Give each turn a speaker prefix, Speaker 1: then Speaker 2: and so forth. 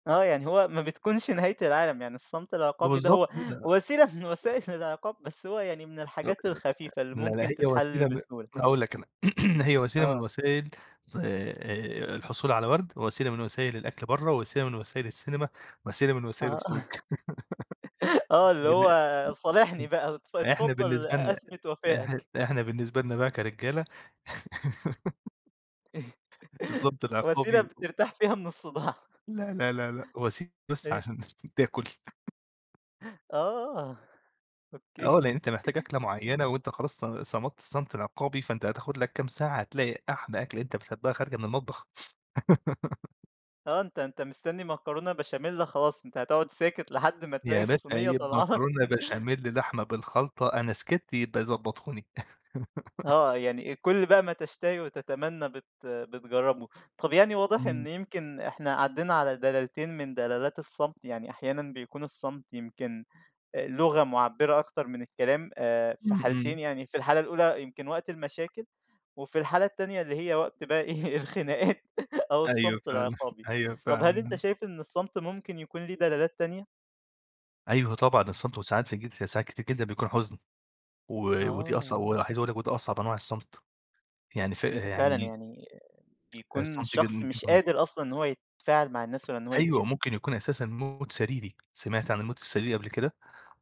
Speaker 1: آه، يعني هو ما بتكونش نهاية العالم يعني الصمت العقابي ده
Speaker 2: بالضبط
Speaker 1: هو
Speaker 2: كده.
Speaker 1: وسيلة من وسائل العقاب، بس هو يعني من الحاجات
Speaker 2: [unintelligible]
Speaker 1: الخفيفة اللي
Speaker 2: لا،
Speaker 1: ممكن
Speaker 2: لاهي وسيلة
Speaker 1: تتحل
Speaker 2: ب
Speaker 1: بسهولة.
Speaker 2: هاقول لَك أنا هي وسيلة من
Speaker 1: آه.
Speaker 2: وسائل آآ، الحصول على ورد وسيلة من وسائل الأكل برّه، وسيلة من وسائل السينما، وسيلة من وسائل
Speaker 1: آه،
Speaker 2: الخروج
Speaker 1: آه اللي هو صالحني
Speaker 2: [unintelligible]
Speaker 1: بقى وات
Speaker 2: إحنا
Speaker 1: اتفضل
Speaker 2: بالنسبة لنا
Speaker 1: أثبت
Speaker 2: إح
Speaker 1: وفائك.
Speaker 2: إحنا بالنسبة لنا بقي كرجالة الصمت العقابي
Speaker 1: وسيلة
Speaker 2: و
Speaker 1: بترتاح فيها من الصداع.
Speaker 2: لأ، لأ، لأ، لأ، وسيلة بس
Speaker 1: إيه؟
Speaker 2: عشان تاكل.
Speaker 1: آه،
Speaker 2: آه
Speaker 1: أوكي.
Speaker 2: لأن أنت محتاج أكلة معينة وأنت خلاص ص صَمتّ الصمت العقابي فأنت هتاخد لَك كام ساعة هتلاقي أحلي أكلة أنت بتحبها خارجة من المطبخ.
Speaker 1: آه أنت أنت مستنّي مكرونة بشاميل خلاص، أنت هتقعد ساكت لحد ما تلاقي
Speaker 2: يا باشا
Speaker 1: الصينية
Speaker 2: هي
Speaker 1: طالعه لَك.
Speaker 2: مكرونة بشاميل، لحمة بالخلطة أنا سكت يبقي ضبطوني.
Speaker 1: آه، يعني كل بقى ما تشتهي وتتمنى بت بتجربه. طَب يعني واضح
Speaker 2: إمم.
Speaker 1: إن يمكن إحنا عدّينا على دلالتين من دلالات الصمت، يعني أحيانًا بيكون الصمت يمكن لغة مُعبِّرة أكتر من الكلام آآ، في
Speaker 2: إمم،
Speaker 1: حالتين
Speaker 2: إمم.
Speaker 1: يعني في الحالة الأولى يمكن وقت المشاكل، وفي الحالة التانية اللي هي وقت بقي إيه، الخناقات أو
Speaker 2: أيوة
Speaker 1: الصمت
Speaker 2: فعلًا،
Speaker 1: العقابي،
Speaker 2: أيوه
Speaker 1: طَب هل أنت
Speaker 2: فعلًا.
Speaker 1: شايف إن الصمت ممكن يكون ليه دلالات تانية؟
Speaker 2: أيوه طبعًا، الصمت وساعات في جيت في ساعات كتير جدًا بيكون حزن، و ودي أصع
Speaker 1: آه.
Speaker 2: و عايز أقول لَك ودي أصعب أنواع الصمت يعني ف
Speaker 1: إمم، فعلًا
Speaker 2: يعني
Speaker 1: يعني بيكون
Speaker 2: الصمت
Speaker 1: الشخص
Speaker 2: [unintelligible]
Speaker 1: مش
Speaker 2: بيكون
Speaker 1: قادر أصلًا إن هو يتفاعل مع الناس ولا إن هو
Speaker 2: أيوة
Speaker 1: يتكلم.
Speaker 2: ممكن يكون أساسًا موت سريري، سمعت عن الموت السريري قبل كده؟